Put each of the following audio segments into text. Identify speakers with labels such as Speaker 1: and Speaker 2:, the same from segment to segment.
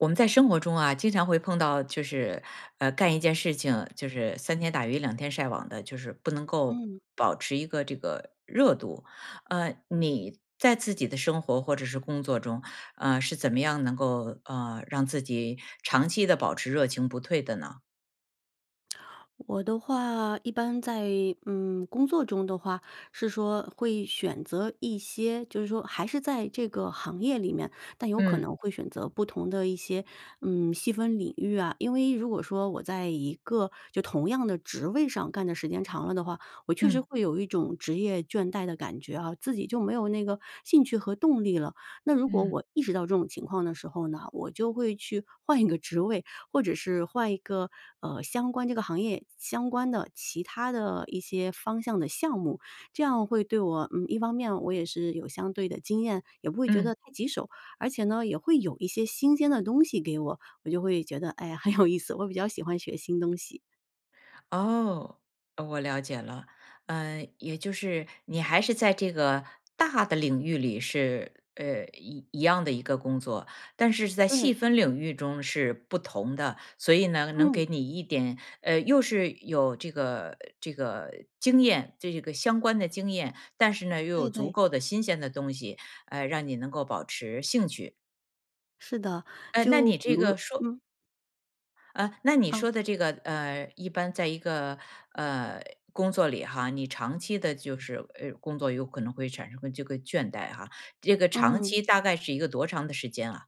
Speaker 1: 我们在生活中啊，经常会碰到就是，呃，干一件事情，就是三天打鱼两天晒网的，就是不能够
Speaker 2: 嗯。
Speaker 1: 保持一个这个热度。呃，你在自己的生活或者是工作中，呃，是怎么样能够，呃，让自己长期地保持热情不退的呢？
Speaker 2: 我的话一般在，嗯，工作中的话是说会选择一些，就是说还是在这个行业里面，但有可
Speaker 1: 嗯。
Speaker 2: 能会选择不同的一些，嗯，细分领域啊。因为如果说我在一个就同样的职位上干的时间长了的话，我确实
Speaker 1: 嗯。
Speaker 2: 会有一种职业倦怠的感觉啊，自己就没有那个兴趣和动力了。那如果
Speaker 1: 嗯。
Speaker 2: 我意识到这种情况的时候呢，我就会去换一个职位，或者是换一个，呃，相关这个行业，相关的其他的一些方向的项目，这样会对我嗯，一方面我也是有相对的经验，也不会觉
Speaker 1: 嗯。
Speaker 2: 得太棘手。而且呢，也会有一些新鲜的东西给我，我就会觉得，哎呀，很有意思，我比较喜欢学新东西。
Speaker 1: 哦，哦，我了解了。呃，也就是你还是在这个大的领域里是，呃，一一样的一个工作，但是是在细
Speaker 2: 对。
Speaker 1: 分领域中是不同的，所以呢，能
Speaker 2: 嗯。
Speaker 1: 给你一点呃，又是有这个这个经验。这个相关的经验，但是呢，又有
Speaker 2: 对，
Speaker 1: 足
Speaker 2: 对。
Speaker 1: 够的新鲜的东西，呃，让你能够保持兴趣。
Speaker 2: 是的，
Speaker 1: 呃，那
Speaker 2: 就
Speaker 1: 你
Speaker 2: 比
Speaker 1: 这
Speaker 2: 如说
Speaker 1: 个说
Speaker 2: 嗯。
Speaker 1: 呃，那你
Speaker 2: 啊。
Speaker 1: 说的这个，呃，一般在一个，呃，工作里哈，你长期的就是，呃，工作有可能会产生个这个倦怠哈，这个长
Speaker 2: 嗯。
Speaker 1: 期大概是一个多长的时间啊？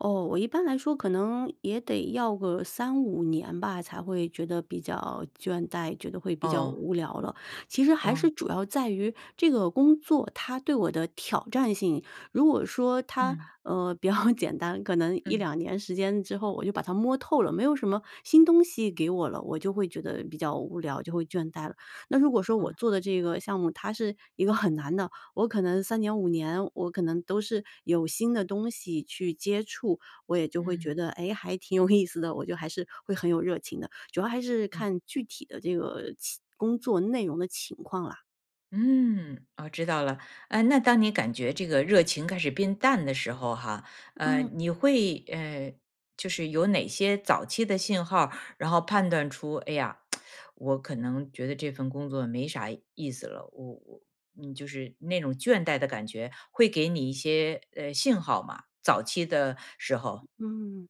Speaker 2: 哦，我一般来说可能也得要个3-5年吧，才会觉得比较倦怠，觉得会比较
Speaker 1: 哦。
Speaker 2: 无聊了。其实还
Speaker 1: 哦。
Speaker 2: 是主要在于这个工作，它对我的挑战性。如果说它，
Speaker 1: 嗯。
Speaker 2: 呃，比较简单，可能一
Speaker 1: 嗯。
Speaker 2: 两年时间之后，我就把它摸透了，没有什么新东西给我了，我就会觉得比较无聊，就会倦怠了。那如果说我
Speaker 1: 嗯。
Speaker 2: 做的这个项目，它是一个很难的，我可能3年、5年，我可能都是有新的东西去接触，我也就会觉
Speaker 1: 嗯。
Speaker 2: 得，诶？还挺有意思的，我就还是会很有热情的，主要还是
Speaker 1: 嗯。
Speaker 2: 看具体的这个期工作内容的情况啦。
Speaker 1: 嗯，哦，知道了，呃，那当你感觉这个热情开始变淡的时候哈，呃，
Speaker 2: 嗯。
Speaker 1: 你会呃，就是有哪些早期的信号儿？然后判断出，哎呀，我可能觉得这份工作没啥意思了，我我嗯，就是那种倦怠的感觉会给你一些，呃，信号吗？早期的时候。
Speaker 2: 嗯，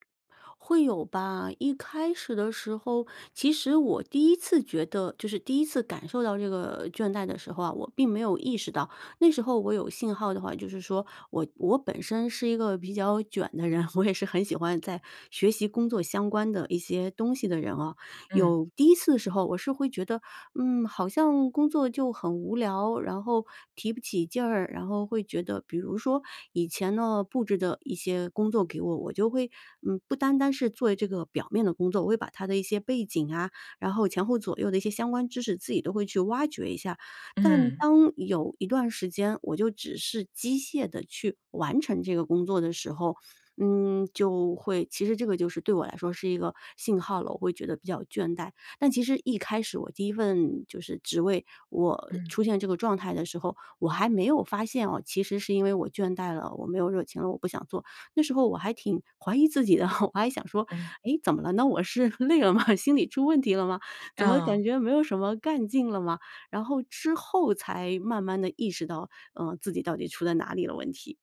Speaker 2: 会有吧，一开始的时候，其实我第1次觉得就是第1次感受到这个倦怠的时候啊，我并没有意识到。那时候我有信号的话就是说，我我本身是一个比较卷的人，我也是很喜欢在学习工作相关的一些东西的人哦，
Speaker 1: 嗯。
Speaker 2: 有第1次的时候，我是会觉得，嗯，好像工作就很无聊，然后提不起劲儿，然后会觉得比如说，以前呢，布置的一些工作给我，我就会，嗯，不单单是做这个表面的工作，我会把它的一些背景啊，然后前后左右的一些相关知识，自己都会去挖掘一下。但
Speaker 1: 嗯。
Speaker 2: 当有一段时间，我就只是机械地去完成这个工作的时候，嗯，就会其实这个就是对我来说是一个信号了。我会觉得比较倦怠，但其实一开始我第1份就是职位，我
Speaker 1: 嗯。
Speaker 2: 出现这个状态的时候，我还没有发现哦，其实是因为我倦怠了，我没有热情了，我不想做。那时候我还挺怀疑自己的，我还想说，
Speaker 1: 嗯。
Speaker 2: 诶，怎么了呢？我是累了吗？心里出问题了吗？怎么
Speaker 1: 哦。
Speaker 2: 感觉没有什么干劲了吗？然后之后才慢慢地意识到，呃，自己到底出在哪里了问题。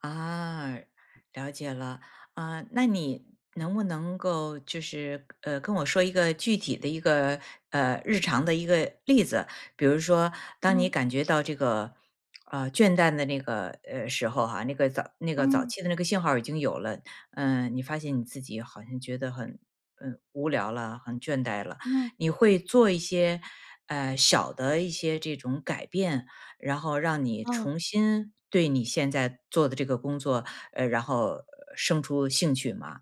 Speaker 1: 啊，了解了，啊，那你能不能够就是，呃，跟我说一个具体的一个，呃，日常的一个例子？比如说当你
Speaker 2: 嗯。
Speaker 1: 感觉到这个，呃，倦怠的那个，呃，时候哈，那个早那个早
Speaker 2: 嗯。
Speaker 1: 期的那个信号已经有了，嗯，你发现你自己好像觉得很，嗯，无聊了，很倦怠了。
Speaker 2: 嗯。
Speaker 1: 你会做一些，呃，小的一些这种改变，然后让你
Speaker 2: 哦。
Speaker 1: 重新对你现在做的这个工作，呃，然后生出兴趣吗？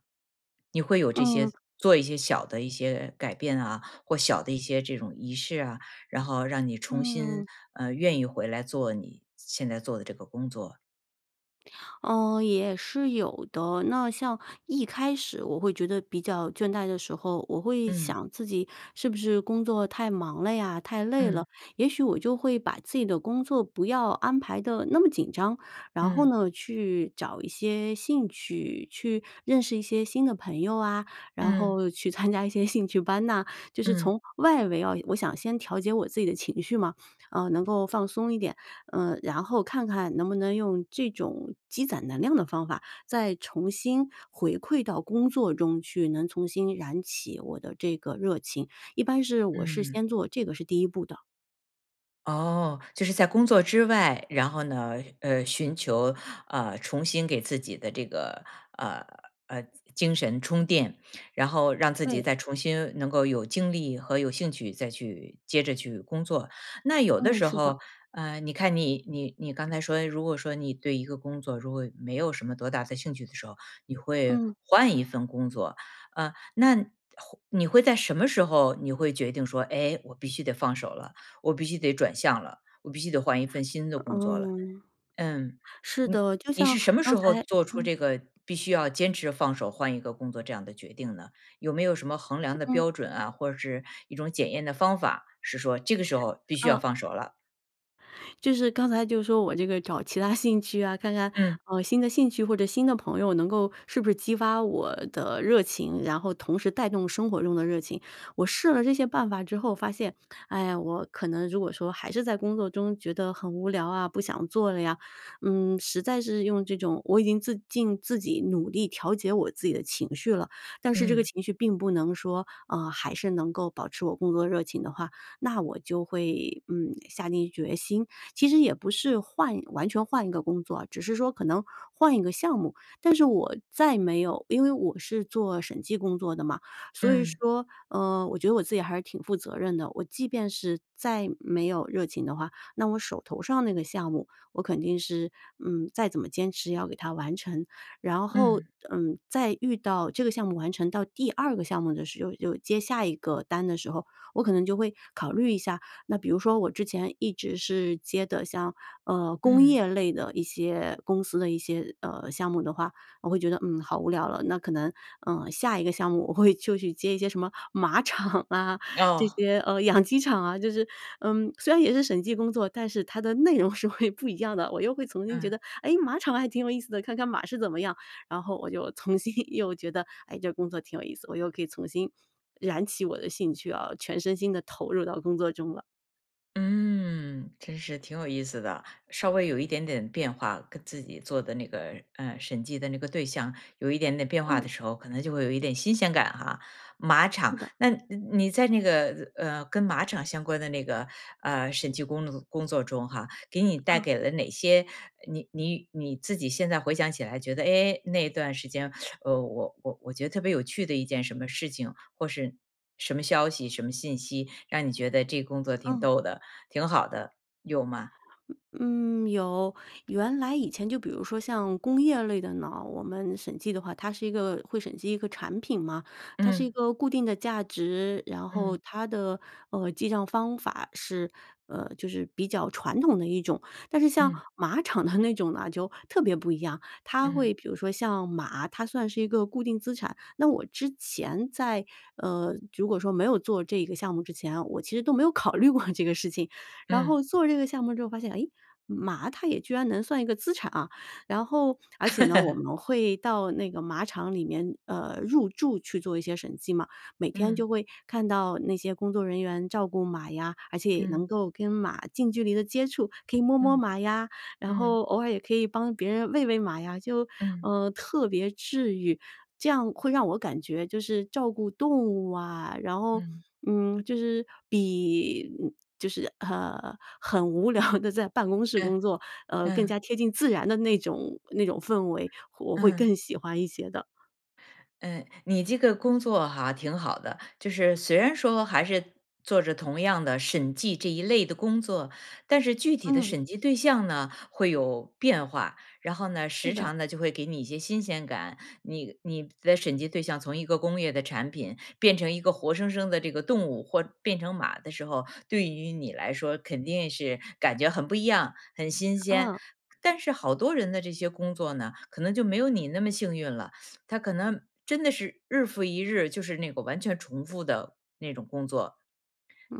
Speaker 1: 你会有这些，
Speaker 2: 嗯。
Speaker 1: 做一些小的一些改变啊，或小的一些这种仪式啊，然后让你重新，
Speaker 2: 嗯。
Speaker 1: 呃，愿意回来做你现在做的这个工作？
Speaker 2: 呃，也是有的，那像一开始我会觉得比较倦怠的时候，我会
Speaker 1: 嗯。
Speaker 2: 想自己是不是工作太忙了呀，太累
Speaker 1: 嗯。
Speaker 2: 了，也许我就会把自己的工作不要安排得那么紧张，然后
Speaker 1: 嗯。
Speaker 2: 呢去找一些兴趣，去认识一些新的朋友啊，然
Speaker 1: 嗯。
Speaker 2: 后去参加一些兴趣班呐。就是
Speaker 1: 嗯。
Speaker 2: 从外围啊，我想先调节我自己的情绪嘛，呃，能够放松一点，呃，然后看看能不能用这种积攒能量的方法，再重新回馈到工作中去，能重新燃起我的这个热情，一般是我是
Speaker 1: 嗯。
Speaker 2: 先做，这个是第1步的。
Speaker 1: 哦，就是在工作之外，然后呢，呃，寻求，呃，重新给自己的这个，呃，呃，精精神充电，然后让自己
Speaker 2: 对。
Speaker 1: 再重新能够有精力和有兴趣，再去接着去工作。那有的
Speaker 2: 嗯，
Speaker 1: 时
Speaker 2: 是的。
Speaker 1: 候，呃，你看你你你刚才说，如果说你对一个工作，如果没有什么多大的兴趣的时候，你会
Speaker 2: 嗯。
Speaker 1: 换一份工作。呃，那换你会在什么时候你会决定说，哎，我必须得放手了，我必须得转向了，我必须得换一份新的工作了。
Speaker 2: 嗯，
Speaker 1: 嗯，
Speaker 2: 是
Speaker 1: 你
Speaker 2: 的，就
Speaker 1: 你
Speaker 2: 像
Speaker 1: 是什么
Speaker 2: 刚
Speaker 1: 时候，
Speaker 2: 才
Speaker 1: 做出
Speaker 2: 嗯。
Speaker 1: 这个必须要坚持放手换一个工作这样的决定呢？有没有什么衡量的
Speaker 2: 嗯。
Speaker 1: 标准啊，或者是一种检验的方法，是说这个时候必须要
Speaker 2: 嗯。
Speaker 1: 放手了？
Speaker 2: 就是刚才就说我这个找其它兴趣啊，看看，
Speaker 1: 嗯。
Speaker 2: 呃，新的兴趣或者新的朋友能够是不是激发我的热情，然后同时带动生活中的热情。我试了这些办法之后发现，哎呀，我可能如果说还是在工作中觉得很无聊啊，不想做了呀，嗯，实在是用这种我已经自尽自己努力调节我自己的情绪了，但是这个
Speaker 1: 嗯。
Speaker 2: 情绪并不能说，呃，还是能够保持我工作热情的话，那我就会，嗯，下定决心。其实也不是换完全换个工作，只是说可能换一个项目，但是我再没有因为我是做审计工作的嘛，所以
Speaker 1: 嗯。
Speaker 2: 说，呃，我觉得我自己还是挺负责任的，我即便是再没有热情的话，那我手头上那个项目我肯定是，嗯，再怎么坚持也要给它完成。然后，
Speaker 1: 嗯。
Speaker 2: 嗯，再遇到这个项目完成到第2个项目的时候，就接下一个单的时候，我可能就会考虑一下。那比如说我之前一直是接的像，呃，工
Speaker 1: 嗯。
Speaker 2: 业类的一些公司的一些，呃，项目的话，我会觉得，嗯，好无聊了。那可能，呃，下一个项目我会就去接一些什么马场啊，这
Speaker 1: 哦。
Speaker 2: 些，呃，养鸡场啊，就是呃，虽然也是审计工作，但是它的内容是会不一样的，我又会重新觉
Speaker 1: 嗯。
Speaker 2: 得，哎，马场还挺有意思的，看看马是怎么样，然后我就重新又觉得，哎，这工作挺有意思，我又可以重新燃起我的兴趣啊，全身心地投入到工作中了。
Speaker 1: 嗯，真是挺有意思的，稍微有一点点变化，跟自己做的那个，呃，审计的那个对象有一点点变化
Speaker 2: 嗯。
Speaker 1: 的时候，可能就会有一点新鲜感哈。马
Speaker 2: 是
Speaker 1: 场，
Speaker 2: 的。
Speaker 1: 那你你在那个，呃，跟马场相关的那个，呃，审计工作工作中哈，给你带
Speaker 2: 嗯。
Speaker 1: 给了哪些，你你你自己现在回想起来觉得，哎，那段时间，呃，我我我觉得特别有趣的一件什么事情？或是什么消息，什么信息让你觉得这工作挺
Speaker 2: 嗯。
Speaker 1: 逗的，挺好的，有吗？
Speaker 2: 嗯，有。原来以前就比如说像工业类的呢，我们审计的话它是一个会审计一个产品嘛，它是一
Speaker 1: 嗯。
Speaker 2: 个固定的价值，然后
Speaker 1: 嗯。
Speaker 2: 它的，呃，记帐方法是，呃，就是比较传统的一种。但是像
Speaker 1: 嗯。
Speaker 2: 马场的那种呢，就特别不一样，它会
Speaker 1: 嗯。
Speaker 2: 比如说像马，它算是一个固定资产，那我之前在，呃，如果说没有做这个项目之前啊，我其实都没有考虑过这个事情，然
Speaker 1: 嗯。
Speaker 2: 后做这个项目之后发现，哎，马它也居然能算一个资产啊。然后而且呢，我 们会到那个马场里面，呃，入驻去做一些审计嘛，每天
Speaker 1: 嗯。
Speaker 2: 就会看到那些工作人员照顾马呀，而且也
Speaker 1: 嗯。
Speaker 2: 能够跟马近距离的接触，可以摸摸
Speaker 1: 嗯，
Speaker 2: 马呀，然
Speaker 1: 嗯。
Speaker 2: 后偶尔也可以帮别人喂喂马呀，就，
Speaker 1: 嗯。
Speaker 2: 呃，特别治愈，这样会让我感觉就是照顾动物啊，然后，
Speaker 1: 嗯。
Speaker 2: 嗯，就是比嗯，就是，呃，很无聊地在办公室
Speaker 1: 嗯，
Speaker 2: 工作，呃，更
Speaker 1: 嗯。
Speaker 2: 加贴近自然的那种，那种氛围，我会
Speaker 1: 嗯。
Speaker 2: 更喜欢一些的。
Speaker 1: 嗯，你这个工作哈，挺好的。就是虽然说还是做着同样的审计这一类的工作，但是具体的
Speaker 2: 嗯。
Speaker 1: 审计对象呢会有变化，然后呢，
Speaker 2: 是
Speaker 1: 时
Speaker 2: 的。
Speaker 1: 常呢，就会给你一些新鲜感。你你的审计对象从一个工业的产品，变成一个活生生的这个动物或变成马的时候，对于你来说肯定是感觉很不一样，很新鲜。
Speaker 2: 啊。
Speaker 1: 但是好多人的这些工作呢，可能就没有你那么幸运了，他可能真的是日复一日，就是那个完全重复的那种工作。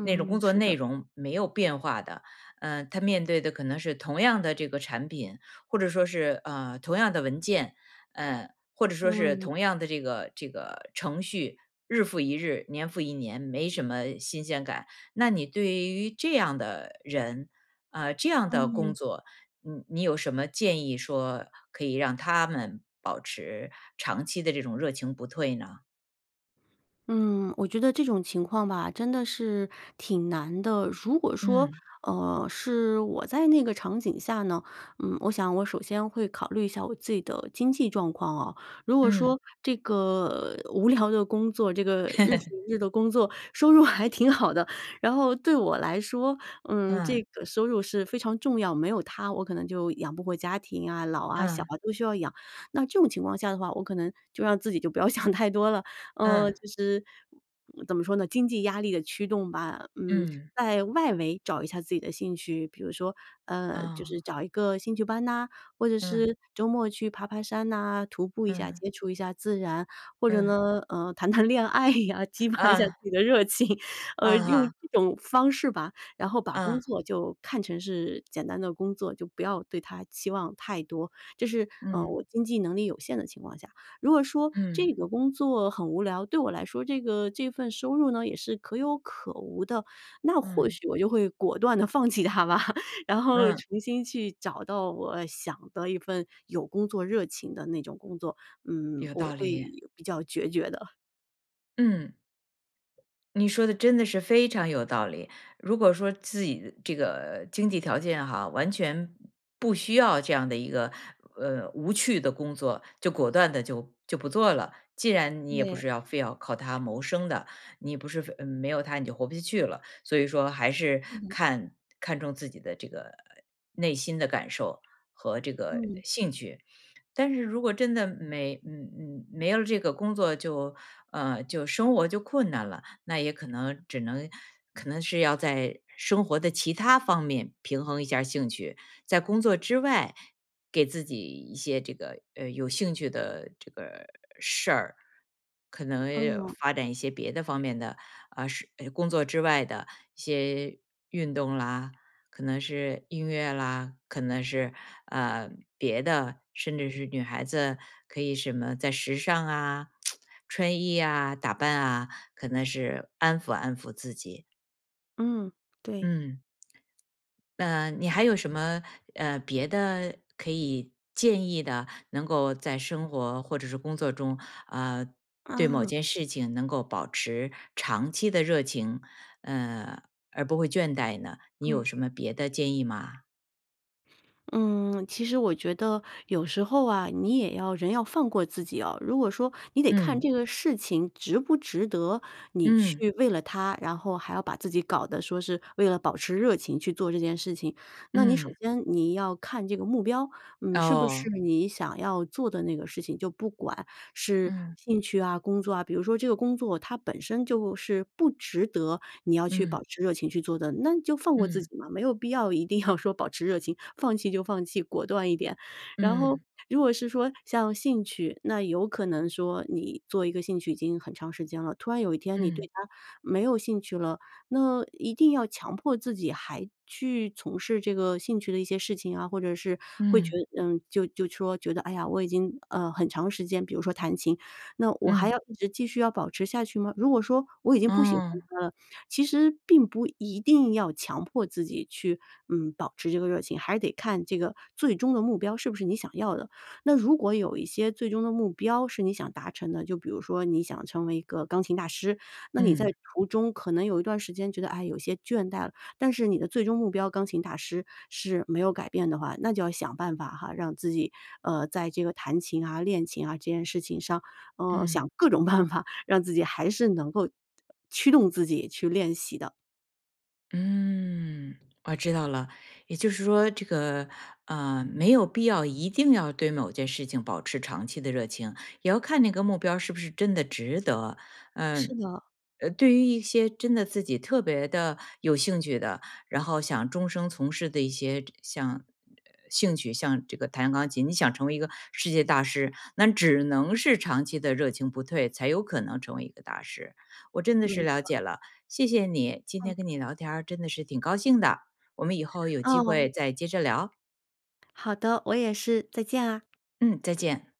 Speaker 1: 那种工作
Speaker 2: 是
Speaker 1: 内
Speaker 2: 的。
Speaker 1: 容没有变化的，呃，他面对的可能是同样的这个产品，或者说是，呃，同样的文件，呃，或者说是
Speaker 2: 嗯。
Speaker 1: 同样的这个，这个程序，日复一日、年复一年，没什么新鲜感。那你对于这样的人，呃，这样的工
Speaker 2: 嗯。
Speaker 1: 作，你你有什么建议说可以让他们保持长期的这种热情不退呢？
Speaker 2: 嗯，我觉得这种情况吧真的是挺难的。如果说，
Speaker 1: 嗯。
Speaker 2: 呃，是我在那个场景下呢？嗯，我想我首先会考虑一下我自己的经济状况哦。如果
Speaker 1: 嗯。
Speaker 2: 说这个无聊的工作，这个日复 一日的工作收入还挺好的，然后对我来说，嗯，这
Speaker 1: 嗯。
Speaker 2: 个收入是非常重要，没有它我可能就养不活家庭啊，老啊、小
Speaker 1: 嗯。
Speaker 2: 啊都需要养，那这种情况下的话，我可能就让自己就不要想太多了。呃，
Speaker 1: 嗯。
Speaker 2: 就是怎么说呢？经济压力的驱动吧。嗯，
Speaker 1: 嗯。
Speaker 2: 在外围找一下自己的兴趣，比如说，呃，就
Speaker 1: 嗯。
Speaker 2: 是找一个兴趣班呐，或者
Speaker 1: 嗯。
Speaker 2: 是周末去爬爬山呐，徒步一下，
Speaker 1: 嗯。
Speaker 2: 接触一下自然，或者
Speaker 1: 嗯。
Speaker 2: 呢，呃，谈谈恋爱呀，激发一下自
Speaker 1: 啊。
Speaker 2: 己的热情，
Speaker 1: 啊
Speaker 2: 呃，用
Speaker 1: 哈。
Speaker 2: 这种方式吧。然后把工
Speaker 1: 嗯。
Speaker 2: 作就看成是简单的工作，就不要对它期望太多，这是，呃，
Speaker 1: 嗯。
Speaker 2: 我经济能力有限的情况下。如果说这
Speaker 1: 嗯。
Speaker 2: 个工作很无聊，对我来说这个这份收入呢，也是可有可无的，那或
Speaker 1: 嗯。
Speaker 2: 许我就会果断地放弃它吧，然后
Speaker 1: 嗯。
Speaker 2: 重新去找到我想的一份有工作热情的那种工作。嗯，
Speaker 1: 有
Speaker 2: 我
Speaker 1: 道
Speaker 2: 会
Speaker 1: 理。
Speaker 2: 比较决绝的。
Speaker 1: 嗯。你说的真的是非常有道理。如果说自己这个经济条件哈，完全不需要这样的一个，呃，无趣的工作，就果断地就，就不做了。既然你也不
Speaker 2: 对。
Speaker 1: 是要非要靠它谋生的，你不是非嗯，没有它你就活不下去了，所以说还是
Speaker 2: 嗯。
Speaker 1: 看，看重自己的这个内心的感受和这个
Speaker 2: 嗯。
Speaker 1: 兴趣。但是如果真的没嗯，嗯，没有这个工作就，呃，就，生活就困难了，那也可能只能可能是要在生活的其他方面平衡一下儿兴趣，在工作之外给自己一些这个，呃，有兴趣的这个事儿。可能
Speaker 2: 嗯。
Speaker 1: 发展一些别的方面的，呃，是哎，工作之外的一些运动啦，可能是音乐啦，可能是，呃，别的，甚至是女孩子可以什么在时尚啊、穿衣呀、打扮啊，可能是安抚安抚自己。
Speaker 2: 嗯，对。
Speaker 1: 嗯。啊你还有什么，呃，别的可以建议的，能够在生活或者是工作中，呃，对某
Speaker 2: 啊。
Speaker 1: 件事情能够保持长期的热情，呃，而不会倦怠呢？你有
Speaker 2: 嗯。
Speaker 1: 什么别的建议吗？
Speaker 2: 嗯，其实我觉得有时候啊，你也要人要放过自己哦。如果说你得看
Speaker 1: 嗯。
Speaker 2: 这个事情值不值得你
Speaker 1: 嗯。
Speaker 2: 去为了它，然后还要把自己搞得说是为了保持热情去做这件事情。那你首
Speaker 1: 嗯。
Speaker 2: 先你要看这个目标，嗯，是不是
Speaker 1: 哦。
Speaker 2: 你想要做的那个事情。就不管是
Speaker 1: 嗯。
Speaker 2: 兴趣啊、工作啊，比如说这个工作它本身就是不值得你要去保
Speaker 1: 嗯。
Speaker 2: 持热情去做的，那就放过自
Speaker 1: 嗯。
Speaker 2: 己嘛，没有必要一定要说保持热情，放弃就放弃，果断一点。然后
Speaker 1: 嗯。
Speaker 2: 如果是说像兴趣，那有可能说你做一个兴趣已经很长时间了，突然有一天你对
Speaker 1: 嗯。
Speaker 2: 它没有兴趣了，那一定要强迫自己还去从事这个兴趣的一些事情啊，或者是会觉
Speaker 1: 嗯。
Speaker 2: 嗯，就就说觉得哎呀，我已经，呃，很长时间比如说弹琴，那我还
Speaker 1: 嗯。
Speaker 2: 要一直继续要保持下去吗？如果说我已经不喜欢
Speaker 1: 哦。
Speaker 2: 它了，其实并不一定要强迫自己去，嗯，保持这个热情。还是得看这个最终的目标是不是你想要的。那如果有一些最终的目标是你想达成的，就比如说你想成为一个钢琴大师，那你在
Speaker 1: 嗯。
Speaker 2: 途中可能有一段时间觉得，哎，有些倦怠了，但是你的最终目标钢琴大师是没有改变的话，那就要想办法哈，让自己，呃，在这个弹琴啊、练琴啊，这件事情上，呃，
Speaker 1: 嗯。
Speaker 2: 想各种办法，让自己还是能够驱动自己去练习的。
Speaker 1: 嗯，我知道了。也就是说这个，呃，没有必要一定要对某件事情保持长期的热情，也要看那个目标是不是真的值得。
Speaker 2: 是
Speaker 1: 嗯。
Speaker 2: 的。
Speaker 1: 呃，对于一些真的自己特别地有兴趣的，然后想终生从事的一些这像呃兴趣像这个弹钢琴，你想成为一个世界大师，那只能是长期的热情不退，才有可能成为一个大师。我真的
Speaker 2: 没
Speaker 1: 是
Speaker 2: 错
Speaker 1: 了
Speaker 2: 儿。
Speaker 1: 解了，谢谢你，今
Speaker 2: 嗯。
Speaker 1: 天跟你聊天儿真的是挺高兴的，我们以后有机
Speaker 2: 哦。
Speaker 1: 会再接着聊。
Speaker 2: 好的，我也是，再见啊。
Speaker 1: 嗯，再见。